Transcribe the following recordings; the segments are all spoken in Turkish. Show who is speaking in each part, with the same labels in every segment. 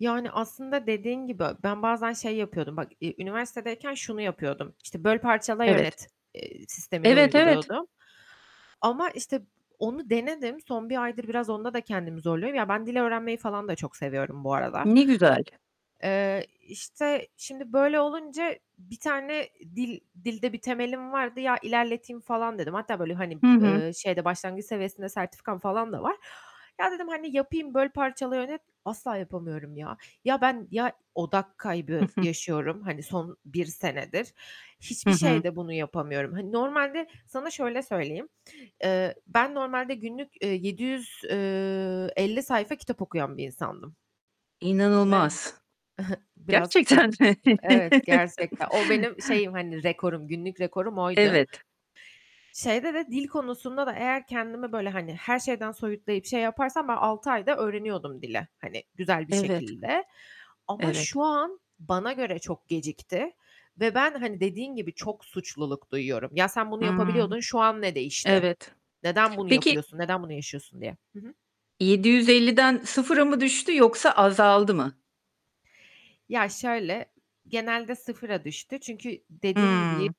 Speaker 1: Yani, aslında dediğin gibi, ben bazen şey yapıyordum bak. Ü üniversitedeyken şunu yapıyordum. İşte, böl, parçala,
Speaker 2: Evet.
Speaker 1: yönet, eee, sistemini
Speaker 2: Evet. Evet.
Speaker 1: uyguluyordum. Ama işte, onu denedim. Son 1 aydır biraz onda da kendimi zorluyorum. Ya ben dil öğrenmeyi falan da çok seviyorum bu arada.
Speaker 2: Ne güzel.
Speaker 1: Eee, işte şimdi böyle olunca 1 tane dil dilde bir temelim vardı. Ya ilerleteyim falan dedim. Hatta böyle, hani,
Speaker 2: Hı hı.
Speaker 1: eee, şeyde başlangıç seviyesinde sertifikam falan da var. Ya, dedim, hani, yapayım, böl parçala, yönet asla yapamıyorum ya. Ya ben, ya, odak
Speaker 2: Hı
Speaker 1: kaybı
Speaker 2: hı.
Speaker 1: yaşıyorum. Hani, son 1 senedir.
Speaker 2: Hı
Speaker 1: Hiçbir
Speaker 2: hı.
Speaker 1: şeyde bunu yapamıyorum. Hani, normalde sana şöyle söyleyeyim. Eee, ben normalde günlük, eee, 750 sayfa kitap okuyan bir insandım. Ve
Speaker 2: İnanılmaz.
Speaker 1: biraz, e
Speaker 2: Gerçekten mi?
Speaker 1: evet, gerçekten. O benim şeyim, hani rekorum, günlük rekorum oydu.
Speaker 2: Evet.
Speaker 1: Şeyde de, dil konusunda da eğer kendimi böyle, hani, her şeyden soyutlayıp, şey yaparsam ben 6 ayda öğreniyordum dili. Hani, güzel bir
Speaker 2: Evet.
Speaker 1: şekilde. Ama
Speaker 2: Evet.
Speaker 1: şu an bana göre çok gecikti ve ben, hani dediğin gibi çok suçluluk duyuyorum. "Ya, sen bunu
Speaker 2: Hıı.
Speaker 1: yapabiliyordun, şu an ne değişti?
Speaker 2: Evet.
Speaker 1: Neden bunu
Speaker 2: Peki
Speaker 1: yapıyorsun? Neden bunu yaşıyorsun?" diye. Hı hı.
Speaker 2: 750'den 0'a mı düştü yoksa azaldı mı?
Speaker 1: Ya şöyle, genelde 0'a düştü çünkü dediğim gibi
Speaker 2: Hıı.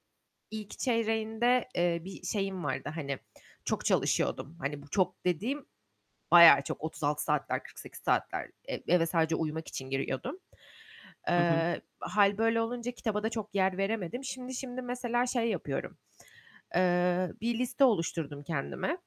Speaker 1: ilk çeyreğinde, eee, bir şeyim vardı. Hani, çok çalışıyordum. Hani, bu çok dediğim bayağı çok 36 saatler, 48 saatler. E eve sadece uyumak için giriyordum.
Speaker 2: Hı hı.
Speaker 1: Eee, hâl böyle olunca kitaba da çok yer veremedim. Şimdi, şimdi mesela şey yapıyorum. Eee, bir liste oluşturdum kendime.